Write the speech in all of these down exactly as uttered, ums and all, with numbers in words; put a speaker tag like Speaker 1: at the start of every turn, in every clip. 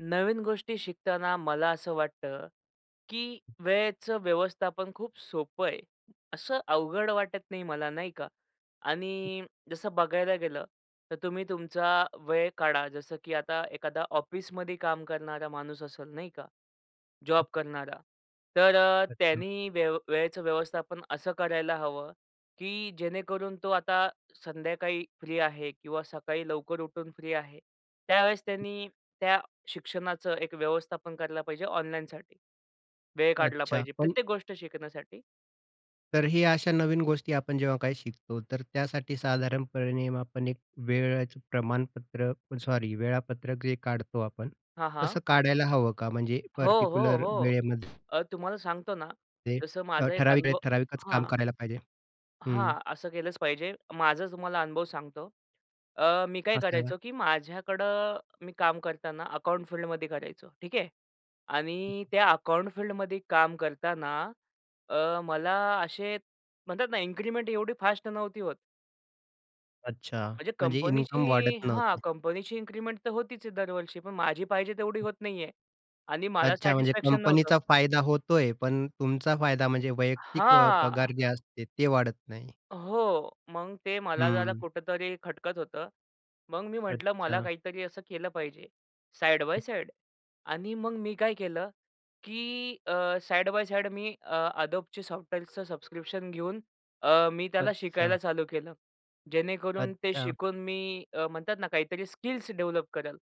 Speaker 1: नवीन गोष्टी शिकताना मला असं वाटतं, की वेळेचं व्यवस्थापन खूप सोपं आहे. असं अवघड वाटत नाही मला, नाही का? आणि जसं बघायला गेलं तर तुम्ही तुमचा वेळ काढा. जसं की आता एखादा ऑफिसमध्ये काम करणारा माणूस असेल नाही का, जॉब करणारा. तर अ,
Speaker 2: अच्छा.
Speaker 1: त्यांनी वेव वेळेचं व्यवस्थापन असं करायला हवं, की जेणेकरून तो आता संध्याकाळी फ्री आहे किंवा सकाळी लवकर उठून फ्री आहे. त्यावेळेस त्यांनी त्या शिक्षणाचं एक व्यवस्थापन करायला पाहिजे ऑनलाईनसाठी. वेळ काढला
Speaker 2: अच्छा
Speaker 1: पाहिजे.
Speaker 2: पण
Speaker 1: प्रत्येक गोष्ट शिकण्यासाठी.
Speaker 2: तर हे अशा नवीन गोष्टी आपण जेव्हा काही शिकतो तर त्यासाठी साधारणपणे आपण एक वेळेचं प्रमाणपत्र सॉरी वेळापत्रकही जे काढतो आपण.
Speaker 1: हां, हां.
Speaker 2: तसं काढायला हवं का? म्हणजे
Speaker 1: हो, हो,
Speaker 2: पर्टिक्युलर
Speaker 1: हो.
Speaker 2: वेळेमध्ये
Speaker 1: अ, तुम्हाला सांगतो ना
Speaker 2: जे
Speaker 1: तसं
Speaker 2: अ,
Speaker 1: माझा एक
Speaker 2: ठराविक
Speaker 1: अनुभव
Speaker 2: वेळेत ठराविकच काम
Speaker 1: हां.
Speaker 2: करायला पाहिजे. हं.
Speaker 1: हां. असं केलंच पाहिजे. माझा तुम्हाला अनुभव सांगतो. अ, मी काय
Speaker 2: असावा.
Speaker 1: करायचो, की माझ्याकडे मी काम करताना अकाउंट फील्डमध्ये करायचो. ठीक आहे आणि त्या अकाउंट फील्डमध्ये काम करताना अ, मला असे म्हणतात ना इन्क्रिमेंट एवढी फास्ट नव्हती होत.
Speaker 2: अच्छा.
Speaker 1: म्हणजे
Speaker 2: म्हणजे इन्कम
Speaker 1: कंपनीची,
Speaker 2: वाढत
Speaker 1: हां,
Speaker 2: नव्हतं.
Speaker 1: कंपनीची इन्क्रिमेंट तर होतीच आहे दरवर्षी. पण माझी पाहिजे तेवढी होत नाहीये आणि मला
Speaker 2: अच्छा म्हणजे
Speaker 1: सॅटिस्फॅक्शन नव्हतं.
Speaker 2: कंपनीचा फायदा होतोय, पण तुमचा फायदा म्हणजे वैयक्तिक अ,
Speaker 1: हां.
Speaker 2: पगार जे असते ते वाढत नाही.
Speaker 1: हो. मग ते मला जरा
Speaker 2: हं.
Speaker 1: कुठेतरी खटकत होतं. मग मी म्हटलं मला
Speaker 2: अच्छा.
Speaker 1: काहीतरी असं केलं पाहिजे साइड बाय साइड आणि मग मी काय केलं, की अ, साइड बाय साइड मी अ, Adobeची सॉफ्टवेअरचं सबस्क्रिप्शन घेऊन अ, मी त्याला
Speaker 2: अच्छा.
Speaker 1: शिकायला चालू केलं. जेणेकरून ते
Speaker 2: अच्छा.
Speaker 1: शिकून मी अ, म्हणतात ना काहीतरी स्किल्स डेव्हलप करेल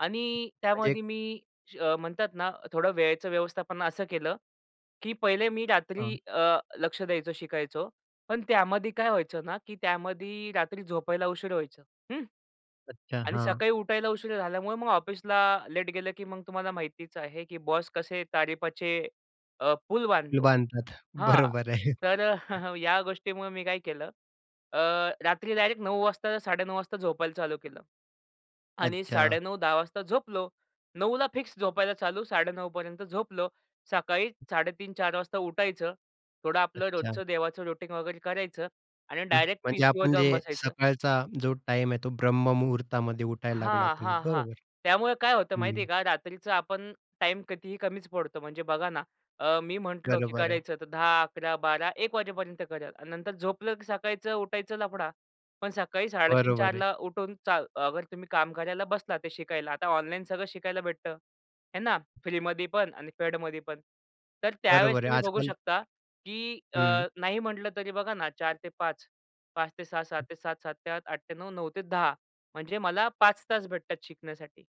Speaker 1: आणि
Speaker 2: म्हणजे
Speaker 1: त्यामध्ये मी श म्हणतात ना थोडं वेळेचं व्यवस्थापन असं केलं, की पहिले मी रात्री
Speaker 2: हां.
Speaker 1: अ, लक्षं द्यायचं शिकायचो. पण त्यामध्ये काय व्हायचं ना की त्यामध्ये रात्री झोपायला उशीर व्हायचं, हं.
Speaker 2: अच्छा.
Speaker 1: आणि
Speaker 2: हां.
Speaker 1: सकाळी उठायला उशीर झाल्यामुळे मग ऑफिसला लेट गेलं की मग तुम्हाला माहितीच आहे की बॉस कसे तारीफाचे अ, पूल
Speaker 2: पूल
Speaker 1: बांधतो.
Speaker 2: बांधतात.
Speaker 1: हां
Speaker 2: बरोबर आहे
Speaker 1: तर अ, या गोष्टीमुळे मी काय केलं, अ, रात्री डायरेक्ट नऊ वाजता साडेनऊ वाजता झोपायला चालू केलं आणि
Speaker 2: अच्छा.
Speaker 1: साडेनऊ दहा वाजताच झोपलो. नऊ ला फिक्स झोपायला चालू. साडेनऊ पर्यंत झोपलो. सकाळी साडेतीन चार वाजता उठायचं. थोडं आपलं
Speaker 2: अच्छा.
Speaker 1: रोजचं देवाचं रुटीन वगैरे करायचं आणि डायरेक्ट
Speaker 2: म्हणजे
Speaker 1: पीसीवर
Speaker 2: आपण
Speaker 1: जाऊन
Speaker 2: जे
Speaker 1: बसायचं.
Speaker 2: सकाळचा जो टाईम आहे तो ब्रह्म मुहूर्तामध्ये उठायला लागलात
Speaker 1: हां,
Speaker 2: तुम्ही.
Speaker 1: हां, हां.
Speaker 2: बरोबर.
Speaker 1: त्यामुळे काय होतं माहिती आहे
Speaker 2: हं.
Speaker 1: का? रात्रीचं आपण टाईम कितीही कमीच पडतो. म्हणजे बघा ना अ, मी म्हटलो, की
Speaker 2: बरोबर आहे.
Speaker 1: करायचं तर दहा, अकरा, बारा, एक वाजेपर्यंत करेल आणि नंतर झोपलं, की सकाळीच उठायचं लफडा. पण सकाळी साडेतीन
Speaker 2: बरोबर आहे.
Speaker 1: चारला उठून चा अगर तुम्ही काम करायला बसला ते शिकायला. आता ऑनलाईन सगळं शिकायला भेटतं. आहे ना फ्रीमध्ये पण आणि पेडमध्ये पण. तर त्यावेळेस
Speaker 2: बरोबर आहे
Speaker 1: तुम्ही बघू
Speaker 2: आजकाल
Speaker 1: शकता की अ,
Speaker 2: हं.
Speaker 1: नाही म्हटलं तरी बघा ना चार ते पाच. पाच ते सहा, सात ते सात, सात ते आठ, आठ ते नऊ, नऊ ते दहा. म्हणजे मला पाच तास वाजेपर्यंत करेलतास भेटतात शिकण्यासाठी.